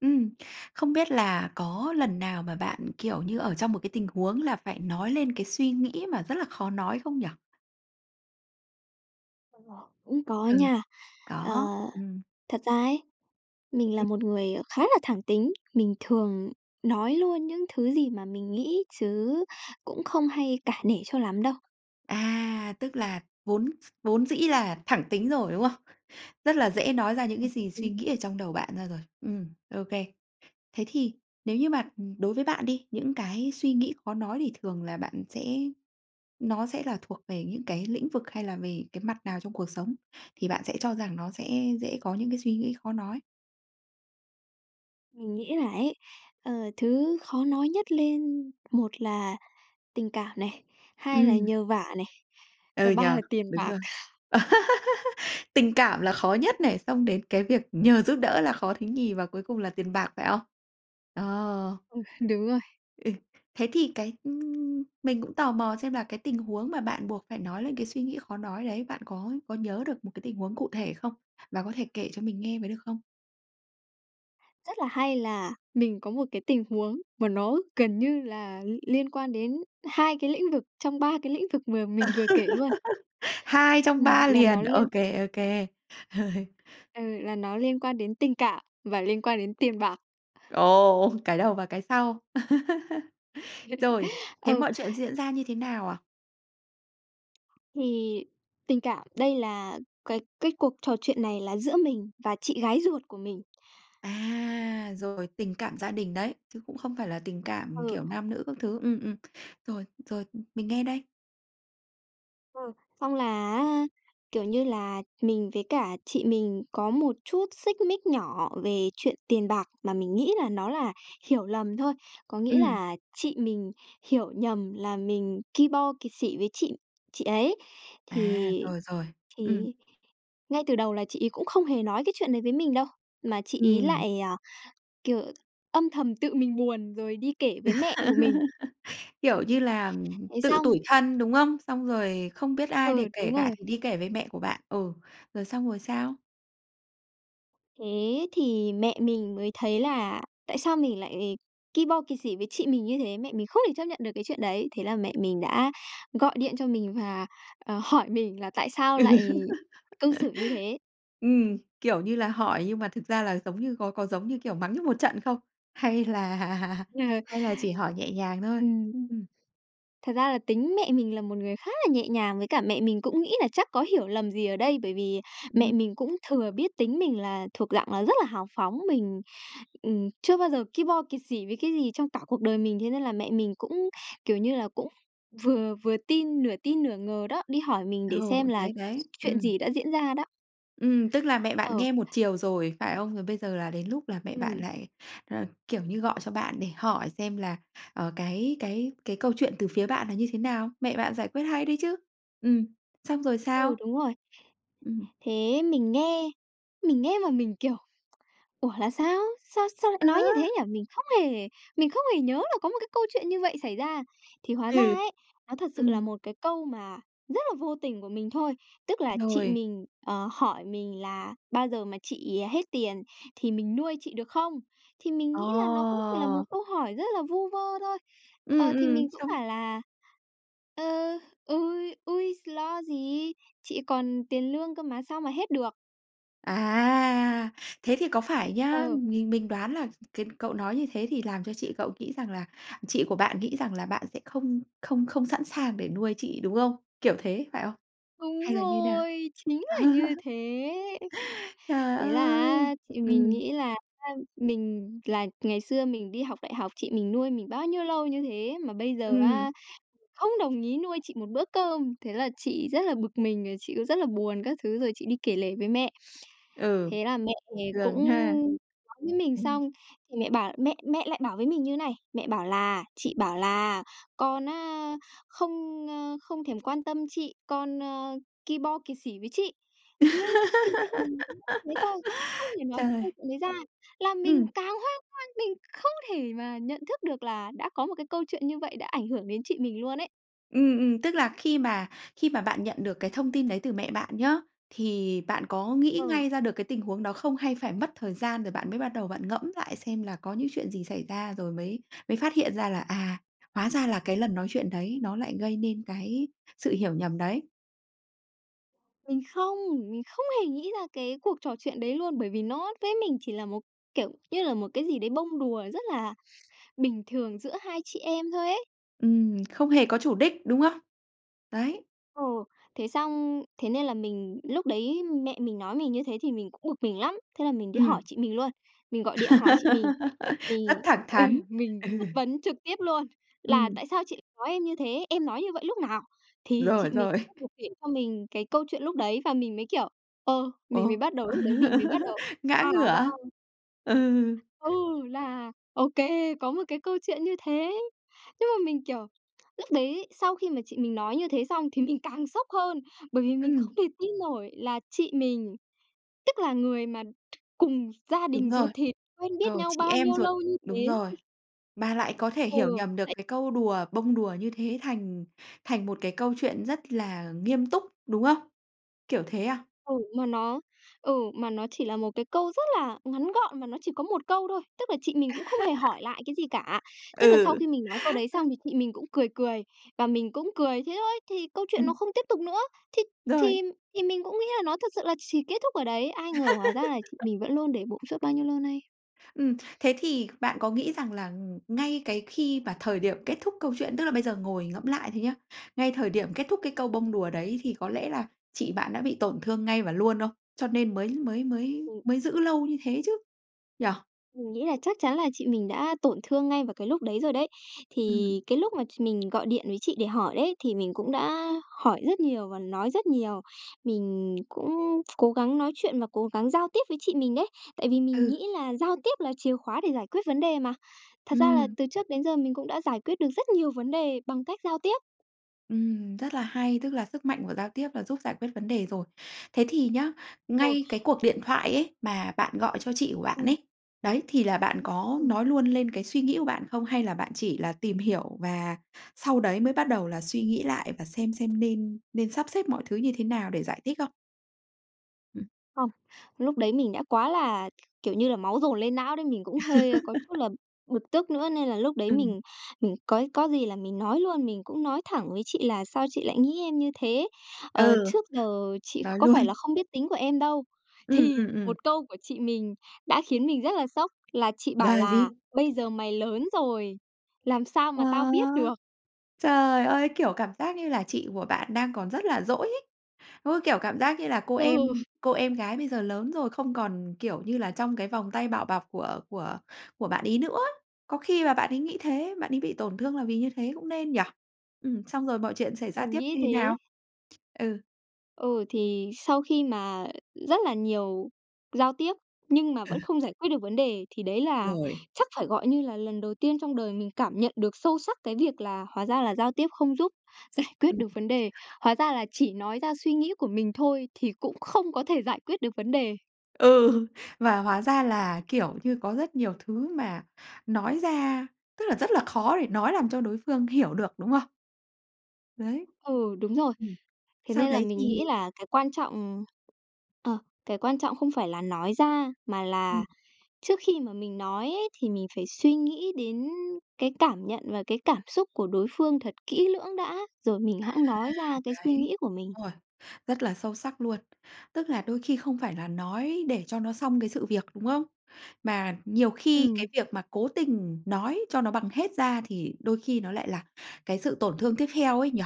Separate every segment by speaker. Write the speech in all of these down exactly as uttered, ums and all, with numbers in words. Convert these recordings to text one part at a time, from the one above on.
Speaker 1: Ừm, không biết là có lần nào mà bạn, kiểu như, ở trong một cái tình huống là phải nói lên cái suy nghĩ mà rất là khó nói không nhỉ?
Speaker 2: [unintelligible] Ưm, cũng có
Speaker 1: Ừ.
Speaker 2: nha. Ờ,
Speaker 1: Có, ừm.
Speaker 2: thật ra ấy, mình là
Speaker 1: Ừm.
Speaker 2: một người, à, khá là thẳng tính, mình thường nói luôn những thứ gì mà mình nghĩ chứ cũng không hay cả nể cho lắm đâu.
Speaker 1: À, tức là vốn s vốn dĩ là thẳng tính rồi, đúng không? Rất là dễ nói ra những cái
Speaker 2: Ừm,
Speaker 1: gì suy
Speaker 2: ừ.
Speaker 1: nghĩ ở trong đầu bạn ra rồi. Ừm, ô kê. Thế thì nếu như mà đối với bạn đi, những cái suy nghĩ khó nói thì thường là bạn sẽ nó sẽ là thuộc về những cái lĩnh vực hay là về cái mặt nào trong cuộc sống thì bạn sẽ cho rằng nó sẽ dễ có những cái suy nghĩ khó nói?
Speaker 2: Mình nghĩ là ấy, ờ, thứ khó nói nhất lên một là tình cảm này, hai là
Speaker 1: Ừm.
Speaker 2: nhờ vả này,
Speaker 1: Ừ
Speaker 2: và
Speaker 1: nhỉ,
Speaker 2: ba là tiền
Speaker 1: đúng
Speaker 2: bạc.
Speaker 1: rồi. Tình cảm là khó nhất này, xong đến cái việc nhờ giúp đỡ là khó thứ nhì và cuối cùng là tiền bạc, phải không? Ồ!
Speaker 2: Ừ, đúng rồi.
Speaker 1: Ừ, thế thì cái, ư mình cũng tò mò xem là cái tình huống mà bạn buộc phải nói lên cái suy nghĩ khó nói đấy, bạn có có nhớ được một cái tình huống cụ thể không? Và có thể kể cho mình nghe với được không?
Speaker 2: Rất là hay là mình có một cái tình huống mà nó gần như là l liên quan đến hai cái lĩnh vực trong ba cái lĩnh vực mà mình vừa kể luôn.
Speaker 1: Hai trong
Speaker 2: Ừm,
Speaker 1: ba
Speaker 2: là nó
Speaker 1: liền, ô
Speaker 2: liên
Speaker 1: kê, ô kê.
Speaker 2: ừ, là nó liên quan đến tình cảm và liên quan đến tiền bạc.
Speaker 1: Ồ, cái đầu và cái sau. Rồi, thế
Speaker 2: Ừ.
Speaker 1: mọi chuyện diễn ra như thế nào à?
Speaker 2: Thì tình cảm, đây là cái cái cuộc trò chuyện này là giữa mình và chị gái ruột của mình.
Speaker 1: À, rồi, tình cảm gia đình đấy, chứ cũng không phải là tình cảm,
Speaker 2: Ừ.
Speaker 1: kiểu, nam nữ các thứ, ừm, ừm, rồi, rồi mình nghe đây.
Speaker 2: Ừ, xong là á, kiểu như là, mình với cả chị mình có một chút xích mích nhỏ về chuyện tiền bạc mà mình nghĩ là nó là hiểu lầm thôi, có nghĩa
Speaker 1: Ừm.
Speaker 2: là chị mình hiểu nhầm là mình ki bo kẹt xỉ với chị chị ấy.
Speaker 1: À,
Speaker 2: Thì
Speaker 1: rồi, rồi.
Speaker 2: thì
Speaker 1: Ừm.
Speaker 2: ngay từ đầu là chị ấy cũng không hề nói cái chuyện đấy với mình đâu, mà chị ấy
Speaker 1: Ừm.
Speaker 2: lại, kiểu, âm thầm tự mình buồn rồi đi kể với mẹ của mình.
Speaker 1: Kiểu, như là
Speaker 2: Ấy
Speaker 1: tự
Speaker 2: xong
Speaker 1: tủi thân, đúng không? Xong rồi không biết ai để
Speaker 2: Ừ,
Speaker 1: kể
Speaker 2: đúng
Speaker 1: cả
Speaker 2: rồi.
Speaker 1: thì đi kể với mẹ của bạn, ừ, rồi xong rồi sao?
Speaker 2: Thế thì mẹ mình mới thấy là tại sao mình lại ki bo kẹt xỉ với chị mình như thế, mẹ mình không thể chấp nhận được cái chuyện đấy, thế là mẹ mình đã gọi điện cho mình và, ờ, hỏi mình là "Tại sao lại cư xử như thế?"
Speaker 1: Ừm, kiểu như là hỏi nhưng mà thực ra là giống như có có giống như, kiểu, mắng như một trận không hay là
Speaker 2: Ờ.
Speaker 1: hay là chỉ hỏi nhẹ nhàng thôi?
Speaker 2: Ừm.
Speaker 1: Ừm.
Speaker 2: Thật ra là tính mẹ mình là một người khá là nhẹ nhàng, với cả mẹ mình cũng nghĩ là chắc có hiểu lầm gì ở đây bởi vì
Speaker 1: Ừm.
Speaker 2: mẹ mình cũng thừa biết tính mình là thuộc dạng là rất là hào phóng, mình ừm, chưa bao giờ ki bo kẹt xỉ với cái gì trong cả cuộc đời mình, thế nên là mẹ mình cũng, kiểu như là, cũng vừa vừa tin nửa tin nửa ngờ đó, đi hỏi mình để xem
Speaker 1: Ồ,
Speaker 2: là
Speaker 1: đấy, đấy,
Speaker 2: chuyện
Speaker 1: ừm.
Speaker 2: gì đã diễn ra đó.
Speaker 1: Ừm, tức là mẹ bạn
Speaker 2: Ờ.
Speaker 1: nghe một chiều rồi phải không? Rồi bây giờ là đến lúc là mẹ bạn
Speaker 2: Ừm.
Speaker 1: lại, ờ, kiểu như, gọi cho bạn để hỏi xem là, ờ, cái cái cái câu chuyện từ phía bạn là như thế nào. Mẹ bạn giải quyết hay đấy chứ! Ừm, xong rồi
Speaker 2: Ừ,
Speaker 1: sao?
Speaker 2: đúng rồi.
Speaker 1: Ừm.
Speaker 2: Thế mình nghe mình nghe mà mình kiểu: "Ủa, là sao? Sao sao lại nói như
Speaker 1: Á!
Speaker 2: thế nhỉ?" Mình không hề mình không hề nhớ là có một cái câu chuyện như vậy xảy ra. Thì hóa ra
Speaker 1: Ừ,
Speaker 2: ấy nó thật sự là
Speaker 1: ừm.
Speaker 2: một cái câu mà rất là vô tình của mình thôi, tức là chị
Speaker 1: Rồi.
Speaker 2: mình, ờ, hỏi mình là bao giờ mà chị hết tiền thì mình nuôi chị được không. Thì mình nghĩ là nó cũng chỉ là một
Speaker 1: Ồ!
Speaker 2: câu hỏi rất là vu vơ thôi,
Speaker 1: Ừm,
Speaker 2: ờ, thì
Speaker 1: ừm,
Speaker 2: mình cũng
Speaker 1: xong
Speaker 2: bảo là "Ơ, ôi, ôi s lo gì! Chị còn tiền lương cơ mà sao mà hết được."
Speaker 1: À! Thế thì có phải nhá,
Speaker 2: Ờ.
Speaker 1: mình mình đoán là cái cậu nói như thế thì làm cho chị cậu nghĩ rằng là chị của bạn nghĩ rằng là bạn sẽ không không không sẵn sàng để nuôi chị, đúng không? Kiểu thế, phải không?
Speaker 2: Đúng
Speaker 1: Hay là như thế nào?
Speaker 2: rồi, chính là như thế!
Speaker 1: Trời
Speaker 2: Thế là
Speaker 1: ơi!
Speaker 2: á thì mình
Speaker 1: Ừm.
Speaker 2: nghĩ là á mình là ngày xưa mình đi học đại học chị mình nuôi mình bao nhiêu lâu như thế, mà bây giờ
Speaker 1: Ừm.
Speaker 2: á mình không đồng ý nuôi chị một bữa cơm, thế là chị rất là bực mình, rồi chị cũng rất là buồn các thứ rồi chị đi kể lể với mẹ.
Speaker 1: Ừ.
Speaker 2: Thế là mẹ về cũng
Speaker 1: Gần ha.
Speaker 2: nói với mình
Speaker 1: Ừm.
Speaker 2: xong, thì mẹ bảo mẹ mẹ lại bảo với mình như thế này, mẹ bảo là "Chị bảo là con á không, ơ, không thèm quan tâm chị, con, ơ, ki bo kiệt sỉ với chị." Nói ch chung mẹ mình cũng nói hết thôi, không hề nói cái câu
Speaker 1: Trời!
Speaker 2: chuyện đấy ra làm mình
Speaker 1: Ừm.
Speaker 2: càng hoang hoang, mình không thể mà nhận thức được là đã có một cái câu chuyện như vậy đã ảnh hưởng đến chị mình luôn ấy.
Speaker 1: Ừm, ừm. Tức là khi mà khi mà bạn nhận được cái thông tin đấy từ mẹ bạn nhá, thì bạn có nghĩ
Speaker 2: Ờ.
Speaker 1: ngay ra được cái tình huống đó không? Hay phải mất thời gian rồi bạn mới bắt đầu bạn ngẫm lại xem là có những chuyện gì xảy ra, rồi mới mới phát hiện ra là, à, hóa ra là cái lần nói chuyện đấy nó lại gây nên cái sự hiểu nhầm đấy?
Speaker 2: Mình không, mình không hề nghĩ ra cái cuộc trò chuyện đấy luôn, bởi vì nó với mình chỉ là một, kiểu như là, một cái gì đấy bông đùa rất là bình thường giữa hai chị em thôi ấy.
Speaker 1: Ừm, không hề có chủ đích, đúng không? Đấy.
Speaker 2: Ờ. Thế xong thế nên là mình lúc đấy mẹ mình nói mình như thế thì mình cũng bực mình lắm, thế là mình đi
Speaker 1: Ừm.
Speaker 2: hỏi chị mình luôn, mình gọi điện hỏi chị mình.
Speaker 1: Rất
Speaker 2: Mình
Speaker 1: thẳng
Speaker 2: ừ,
Speaker 1: thắn.
Speaker 2: mình
Speaker 1: Ừ.
Speaker 2: chất vấn trực tiếp luôn là
Speaker 1: Ừm.
Speaker 2: "Tại sao chị nói em như thế? Em nói như vậy lúc nào?" Thì
Speaker 1: Rồi,
Speaker 2: chị mình
Speaker 1: rồi.
Speaker 2: bắt buộc kể cho mình cái câu chuyện lúc đấy và mình mới, kiểu, ờ, mình
Speaker 1: Ồ,
Speaker 2: mới bắt đầu lúc đấy mình mới bắt đầu,
Speaker 1: ngã
Speaker 2: a, hóa
Speaker 1: ngửa!
Speaker 2: ra
Speaker 1: Ừ.
Speaker 2: Ừ, là, ô kê, có một cái câu chuyện như thế. Nhưng mà mình, kiểu, lúc đấy sau khi mà chị mình nói như thế xong thì mình càng sốc hơn, bởi vì mình không
Speaker 1: Ừm.
Speaker 2: thể tin nổi là chị mình, tức là người mà cùng gia
Speaker 1: Đúng
Speaker 2: đình
Speaker 1: rồi.
Speaker 2: ruột thịt quen biết
Speaker 1: Rồi,
Speaker 2: nhau
Speaker 1: chị
Speaker 2: bao
Speaker 1: em
Speaker 2: nhiêu
Speaker 1: ruột,
Speaker 2: lâu như
Speaker 1: đúng
Speaker 2: thế.
Speaker 1: rồi, bà lại có thể hiểu
Speaker 2: Ừ.
Speaker 1: nhầm được
Speaker 2: Lại
Speaker 1: cái câu đùa, bông đùa như thế thành thành một cái câu chuyện rất là nghiêm túc, đúng không? Kiểu thế à?
Speaker 2: Ừ, mà nó ừ, mà nó chỉ là một cái câu rất là ngắn gọn mà nó chỉ có một câu thôi, tức là chị mình cũng không hề hỏi lại cái gì cả. Tức là sau
Speaker 1: Ừ.
Speaker 2: khi mình nói câu đấy xong thì chị mình cũng cười cười và mình cũng cười, thế thôi! Thì câu chuyện nó
Speaker 1: Ừm.
Speaker 2: không tiếp tục nữa, thì
Speaker 1: Rồi!
Speaker 2: thì thì mình cũng nghĩ là nó thật sự là chỉ kết thúc ở đấy. Ai ngờ hóa ra là chị mình vẫn luôn để bụng suốt bao nhiêu lâu nay.
Speaker 1: Ừm, thế thì bạn có nghĩ rằng là ng ngay cái khi mà thời điểm kết thúc câu chuyện, tức là bây giờ ngồi ngẫm lại thôi nhá, ngay thời điểm kết thúc cái câu bông đùa đấy thì có lẽ là chị bạn đã bị tổn thương ngay và luôn không? Cho nên mới mới mới
Speaker 2: Ừm.
Speaker 1: mới giữ lâu như thế chứ, nhỉ?
Speaker 2: Mình nghĩ là chắc chắn là chị mình đã tổn thương ngay vào cái lúc đấy rồi đấy.
Speaker 1: Ừm.
Speaker 2: Thì cái lúc mà ch mình gọi điện với chị để hỏi đấy thì mình cũng đã hỏi rất nhiều và nói rất nhiều. Mình cũng cố gắng nói chuyện và cố gắng giao tiếp với chị mình đấy. Tại vì mình
Speaker 1: Ừ.
Speaker 2: nghĩ là giao tiếp là chìa khóa để giải quyết vấn đề mà. Thật ra là
Speaker 1: Ừm.
Speaker 2: từ trước đến giờ mình cũng đã giải quyết được rất nhiều vấn đề bằng cách giao tiếp.
Speaker 1: Ừm, rất là hay, tức là sức mạnh của giao tiếp là giúp giải quyết vấn đề rồi. Thế thì nhá,
Speaker 2: Ồ.
Speaker 1: ngay cái cuộc điện thoại ấy, mà bạn gọi cho chị của bạn
Speaker 2: Ừm.
Speaker 1: ấy, đấy, thì là bạn có
Speaker 2: Ừm.
Speaker 1: nói luôn lên cái suy nghĩ của bạn không? Hay là bạn chỉ là tìm hiểu và sau đấy mới bắt đầu là suy nghĩ lại và xem xem nên nên sắp xếp mọi thứ như thế nào để giải thích không? Ừm.
Speaker 2: Không, lúc đấy mình đã quá là, k kiểu như là, máu dồn lên não đấy, mình cũng hơi có chút là bực tức nữa, nên là lúc đấy
Speaker 1: Ừm.
Speaker 2: mình mình cói có gì là mình nói luôn, mình cũng nói thẳng với chị là "Sao chị lại nghĩ em như thế? Ờ,
Speaker 1: Ừ,
Speaker 2: trước giờ chị
Speaker 1: nói
Speaker 2: có
Speaker 1: luôn.
Speaker 2: phải là không biết tính của em đâu."
Speaker 1: Ừm,
Speaker 2: Thì
Speaker 1: ừm, ừm.
Speaker 2: một câu của chị mình đã khiến mình rất là sốc là chị bảo
Speaker 1: Gà
Speaker 2: là
Speaker 1: gì?
Speaker 2: "Bây giờ mày lớn rồi, làm sao mà
Speaker 1: Ơ!
Speaker 2: tao biết được?"
Speaker 1: Trời ơi! Kiểu, cảm giác như là chị của bạn đang còn rất là dỗi ấy. Ôi, kiểu, cảm giác như là cô
Speaker 2: Ừ.
Speaker 1: em cô em gái bây giờ lớn rồi không còn, kiểu như là, trong cái vòng tay bảo bọc của của của bạn ấy nữa. Có khi là bạn ấy nghĩ thế, bạn ấy bị tổn thương là vì như thế cũng nên, nhỉ? Ừm, xong rồi mọi chuyện xảy ra
Speaker 2: Mình
Speaker 1: tiếp
Speaker 2: nghĩ
Speaker 1: như thế
Speaker 2: thế.
Speaker 1: nào? Ừ.
Speaker 2: Ừ, thì sau khi mà rất là nhiều giao tiếp nhưng mà
Speaker 1: Ừ.
Speaker 2: vẫn không giải quyết được vấn đề thì đấy là
Speaker 1: Rồi.
Speaker 2: chắc phải, gọi như là, lần đầu tiên trong đời mình cảm nhận được sâu sắc cái việc là hóa ra là giao tiếp không giúp giải quyết
Speaker 1: Ừm.
Speaker 2: được vấn đề. Hóa ra là chỉ nói ra suy nghĩ của mình thôi thì cũng không có thể giải quyết được vấn đề.
Speaker 1: Ừ, và hóa ra là, kiểu như, có rất nhiều thứ mà nói ra, tức là, rất là khó để nói làm cho đối phương hiểu được, đúng không? Đấy.
Speaker 2: Ừ, đúng rồi.
Speaker 1: Ừm,
Speaker 2: Thế
Speaker 1: sau
Speaker 2: nên là
Speaker 1: đấy
Speaker 2: mình nghĩ
Speaker 1: thì
Speaker 2: là cái quan trọng ờ, cái quan trọng không phải là nói ra mà là
Speaker 1: Ừm.
Speaker 2: trước khi mà mình nói ấy thì mình phải suy nghĩ đến cái cảm nhận và cái cảm xúc của đối phương thật kỹ lưỡng đã, rồi mình
Speaker 1: À,
Speaker 2: hẵng nói ra cái suy
Speaker 1: đấy.
Speaker 2: nghĩ của mình.
Speaker 1: Đúng rồi, rất là sâu sắc luôn. Tức là đôi khi không phải là nói để cho nó xong cái sự việc, đúng không? Mà nhiều khi cái
Speaker 2: Ừm.
Speaker 1: việc mà cố tình nói cho nó bằng hết ra thì đôi khi nó lại là cái sự tổn thương tiếp theo ấy nhỉ?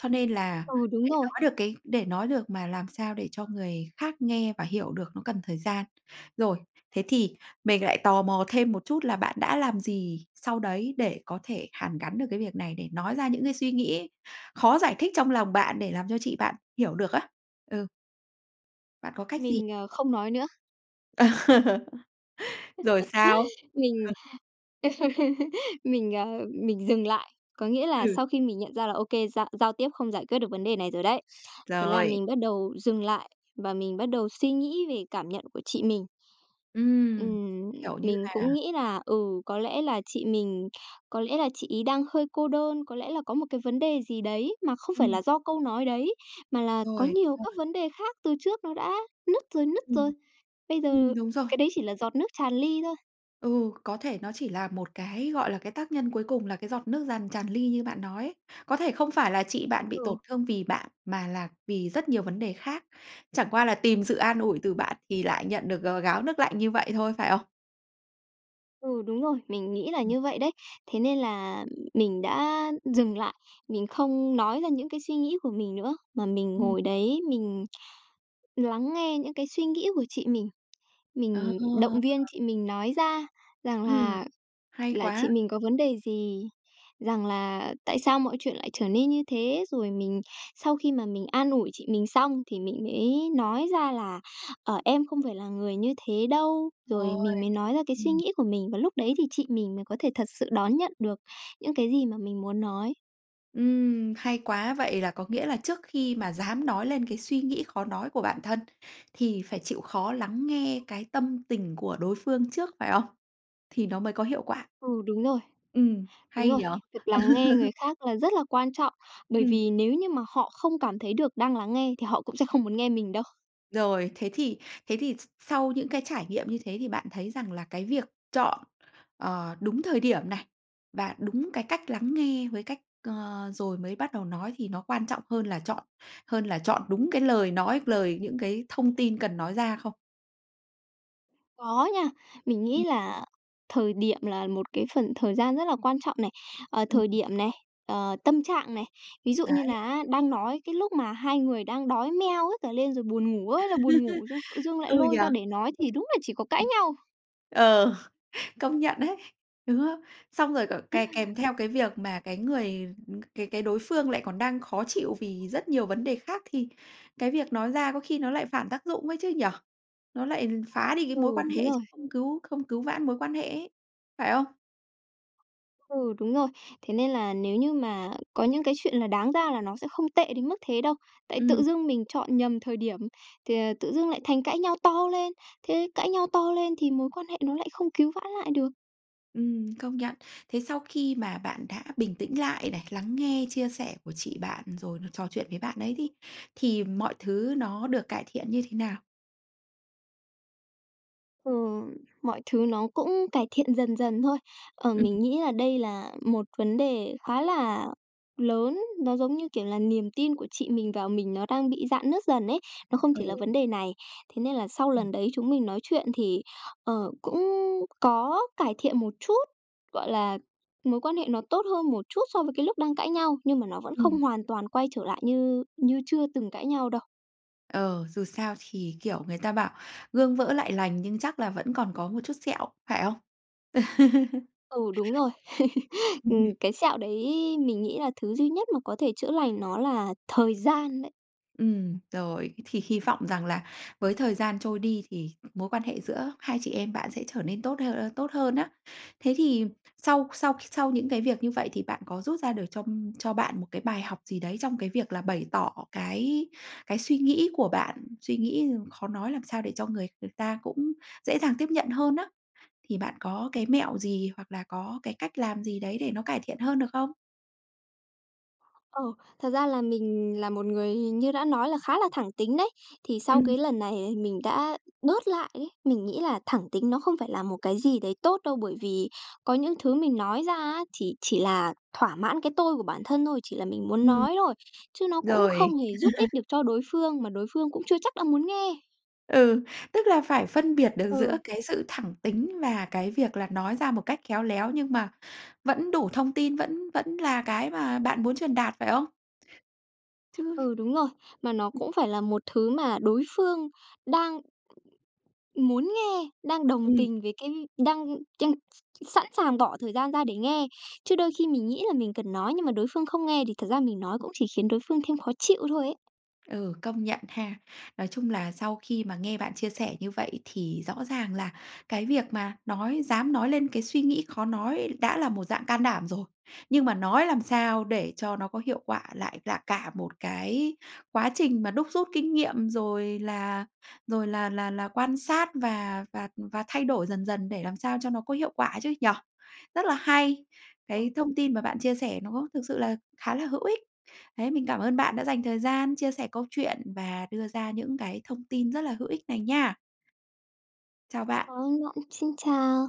Speaker 1: Cho nên là
Speaker 2: Ừ, đúng
Speaker 1: để
Speaker 2: rồi.
Speaker 1: nói được cái để nói được mà làm sao để cho người khác nghe và hiểu được nó cần thời gian. Rồi, thế thì mình lại tò mò thêm một chút là bạn đã làm gì sau đấy để có thể hàn gắn được cái việc này, để nói ra những cái suy nghĩ khó giải thích trong lòng bạn để làm cho chị bạn hiểu được á. Ừ. Bạn có cách gì?
Speaker 2: Mình, ờ, không nói nữa.
Speaker 1: Rồi sao?
Speaker 2: Mình
Speaker 1: [unintelligible]
Speaker 2: mình, ờ, mình dừng lại. Có nghĩa là
Speaker 1: Ừ.
Speaker 2: sau khi mình nhận ra là ô kê, giao giao tiếp không giải quyết được vấn đề này rồi đấy. Thế là
Speaker 1: Rồi.
Speaker 2: mình bắt đầu dừng lại và mình bắt đầu suy nghĩ về cảm nhận của chị mình.
Speaker 1: Ừm,
Speaker 2: Ừm,
Speaker 1: kiểu như
Speaker 2: mình
Speaker 1: là
Speaker 2: cũng nghĩ là, ừ, có lẽ là chị mình có lẽ là chị ấy đang hơi cô đơn, có lẽ là có một cái vấn đề gì đấy mà không phải
Speaker 1: Ừm.
Speaker 2: là do câu nói đấy mà là có
Speaker 1: Rồi,
Speaker 2: nhiều
Speaker 1: rồi.
Speaker 2: các vấn đề khác từ trước nó đã nứt rồi nứt rồi.
Speaker 1: Ừm.
Speaker 2: Bây giờ
Speaker 1: Ừm, đúng rồi.
Speaker 2: cái đấy chỉ là giọt nước tràn ly thôi.
Speaker 1: Ừ, có thể nó chỉ là một cái, gọi là, cái tác nhân cuối cùng là cái giọt nước giàn tràn ly như bạn nói ấy. Có thể không phải là chị bạn bị
Speaker 2: Ừ.
Speaker 1: tổn thương vì bạn, mà là vì rất nhiều vấn đề khác. Chẳng qua là tìm sự an ủi từ bạn thì lại nhận được g gáo nước lạnh như vậy thôi, phải không?
Speaker 2: Ừ, đúng rồi, mình nghĩ là
Speaker 1: Ừm.
Speaker 2: như vậy đấy. Thế nên là mình đã dừng lại, mình không nói ra những cái suy nghĩ của mình nữa, mà mình
Speaker 1: Ừm.
Speaker 2: ngồi đấy mình lắng nghe những cái suy nghĩ của chị mình.
Speaker 1: Ờ.
Speaker 2: Mình động viên chị mình nói ra rằng
Speaker 1: Ừm,
Speaker 2: là
Speaker 1: hay
Speaker 2: là chị
Speaker 1: quá!
Speaker 2: mình có vấn đề gì, rằng là tại sao mọi chuyện lại trở nên như thế? Rồi mình sau khi mà mình an ủi chị mình xong thì mình mới nói ra là "Ờ, em không phải là người như thế đâu." Rồi
Speaker 1: Ôi,
Speaker 2: mình mới nói ra cái suy
Speaker 1: ừm.
Speaker 2: nghĩ của mình. Và lúc đấy thì chị mình mới có thể thật sự đón nhận được những cái gì mà mình muốn nói.
Speaker 1: Ừm, hay quá! Vậy là có nghĩa là trước khi mà dám nói lên cái suy nghĩ khó nói của bản thân, thì phải chịu khó lắng nghe cái tâm tình của đối phương trước, phải không? Thì nó mới có hiệu quả.
Speaker 2: Ừ, đúng rồi.
Speaker 1: Ừm,
Speaker 2: Đúng
Speaker 1: hay
Speaker 2: rồi,
Speaker 1: nhỉ?
Speaker 2: việc lắng nghe người khác là rất là quan trọng, bởi
Speaker 1: Ừm.
Speaker 2: vì nếu như mà họ không cảm thấy được đang lắng nghe thì họ cũng sẽ không muốn nghe mình đâu.
Speaker 1: Rồi, thế thì thế thì s sau những cái trải nghiệm như thế thì bạn thấy rằng là cái việc chọn, ờ, đúng thời điểm này, và đúng cái cách lắng nghe với cách ờ, rồi mới bắt đầu nói thì nó quan trọng hơn là chọn hơn là chọn đúng cái lời nói, lời những cái thông tin cần nói ra không?
Speaker 2: Có nha, mình nghĩ
Speaker 1: Ừm.
Speaker 2: là thời điểm là một cái phần thời gian rất là quan trọng này. Ờ,
Speaker 1: Ừm.
Speaker 2: thời điểm này, ờ, tâm trạng này. Ví dụ như
Speaker 1: Đấy.
Speaker 2: là á đang nói cái lúc mà hai người đang đói meo hết cả lên rồi buồn ngủ ơi là buồn ngủ, d tự dưng lại
Speaker 1: Ừ
Speaker 2: lôi
Speaker 1: nhỉ!
Speaker 2: ra để nói thì đúng là chỉ có cãi nhau.
Speaker 1: Ờ, công nhận ấy, đúng không? Xong rồi cả kè kèm theo cái việc mà cái người, ừm cái cái đối phương lại còn đang khó chịu vì rất nhiều vấn đề khác thì cái việc nói ra có khi nó lại phản tác dụng ấy chứ nhỉ? Nó lại phá đi cái mối
Speaker 2: Ừ,
Speaker 1: quan
Speaker 2: đúng
Speaker 1: hệ
Speaker 2: rồi.
Speaker 1: chứ không cứu không cứu vãn mối quan hệ ấy, phải không?
Speaker 2: Ừ, đúng rồi, thế nên là nếu như mà có những cái chuyện là đáng ra là nó sẽ không tệ đến mức thế đâu. Tại tự
Speaker 1: Ừm.
Speaker 2: dưng mình chọn nhầm thời điểm thì, ờ, tự dưng lại thành cãi nhau to lên, thế cãi nhau to lên thì mối quan hệ nó lại không cứu vãn lại được.
Speaker 1: Ừm, công nhận. Thế sau khi mà bạn đã bình tĩnh lại này, lắng nghe chia sẻ của chị bạn rồi là trò chuyện với bạn ấy đi, thì mọi thứ nó được cải thiện như thế nào?
Speaker 2: Ừ, mọi thứ nó cũng cải thiện dần dần thôi. Ờ,
Speaker 1: Ừm.
Speaker 2: mình nghĩ là đây là một vấn đề khá là lớn, nó, giống như kiểu, là niềm tin của chị mình vào mình nó đang bị rạn nứt dần ấy, nó không chỉ là
Speaker 1: Ừ.
Speaker 2: vấn đề này. Thế nên là sau
Speaker 1: Ừm.
Speaker 2: lần đấy chúng mình nói chuyện thì, ờ, cũng có cải thiện một chút, gọi là, mối quan hệ nó tốt hơn một chút so với cái lúc đang cãi nhau, nhưng mà nó vẫn
Speaker 1: Ừm.
Speaker 2: không hoàn toàn quay trở lại như như chưa từng cãi nhau đâu.
Speaker 1: Ờ, dù sao thì, kiểu, người ta bảo gương vỡ lại lành nhưng chắc là vẫn còn có một chút sẹo, phải không?
Speaker 2: Ừ, đúng rồi. Ừm, cái sẹo đấy mình nghĩ là thứ duy nhất mà có thể chữa lành nó là thời gian đấy.
Speaker 1: Ừm, rồi, thì hy vọng rằng là với thời gian trôi đi thì mối quan hệ giữa hai chị em bạn sẽ trở nên tốt hơ ơ, tốt hơn nhá. Thế thì sau sau sau những cái việc như vậy thì bạn có rút ra được cho cho bạn một cái bài học gì đấy trong cái việc là bày tỏ cái cái suy nghĩ của bạn, suy nghĩ khó nói làm sao để cho người người ta cũng dễ dàng tiếp nhận hơn á? Thì bạn có cái mẹo gì, hoặc là có cái cách làm gì đấy để nó cải thiện hơn được không?
Speaker 2: Ờ, thật ra là mình là một người hình như đã nói là khá là thẳng tính đấy, thì sau
Speaker 1: Ừm.
Speaker 2: cái lần này thì mình đã bớt lại ấy, mình nghĩ là thẳng tính nó không phải là một cái gì đấy tốt đâu. Bởi vì có những thứ mình nói ra á, thì chỉ là thỏa mãn cái tôi của bản thân thôi, chỉ là mình muốn
Speaker 1: Ừm.
Speaker 2: nói thôi, chứ nó cũng
Speaker 1: Rồi.
Speaker 2: không hề giúp ích được cho đối phương mà đối phương cũng chưa chắc đã muốn nghe.
Speaker 1: Ừ, tức là phải phân biệt được giữa
Speaker 2: Ừ.
Speaker 1: cái sự thẳng tính và cái việc là nói ra một cách khéo léo, nhưng mà vẫn đủ thông tin, vẫn vẫn là cái mà bạn muốn truyền đạt, phải không? Chứ
Speaker 2: Ừ, đúng rồi, mà nó
Speaker 1: Ừm.
Speaker 2: cũng phải là một thứ mà đối phương đang muốn nghe, đang đồng
Speaker 1: Ừm.
Speaker 2: tình với cái đang chăn s sẵn sàng bỏ thời gian ra để nghe. Chứ đôi khi mình nghĩ là mình cần nói, nhưng mà đối phương không nghe thì thật ra mình nói cũng chỉ khiến đối phương thêm khó chịu thôi ấy.
Speaker 1: Ừ, công nhận ha. Nói chung là sau khi mà nghe bạn chia sẻ như vậy thì rõ ràng là cái việc mà nói dám nói lên cái suy nghĩ khó nói đã là một dạng can đảm rồi, nhưng mà nói làm sao để cho nó có hiệu quả lại là cả một cái quá trình mà đúc rút kinh nghiệm, rồi là rồi là là là quan sát và và, ừm, và thay đổi dần dần để làm sao cho nó có hiệu quả chứ nhỉ? Rất là hay,
Speaker 2: Ừm.
Speaker 1: cái thông tin mà bạn chia sẻ nó thực sự là khá là hữu ích. Đấy, mình cảm ơn bạn đã dành thời gian chia sẻ câu chuyện và đưa ra những cái thông tin rất là hữu ích này nha! Chào bạn.
Speaker 2: Cảm ơn bạn, xin chào!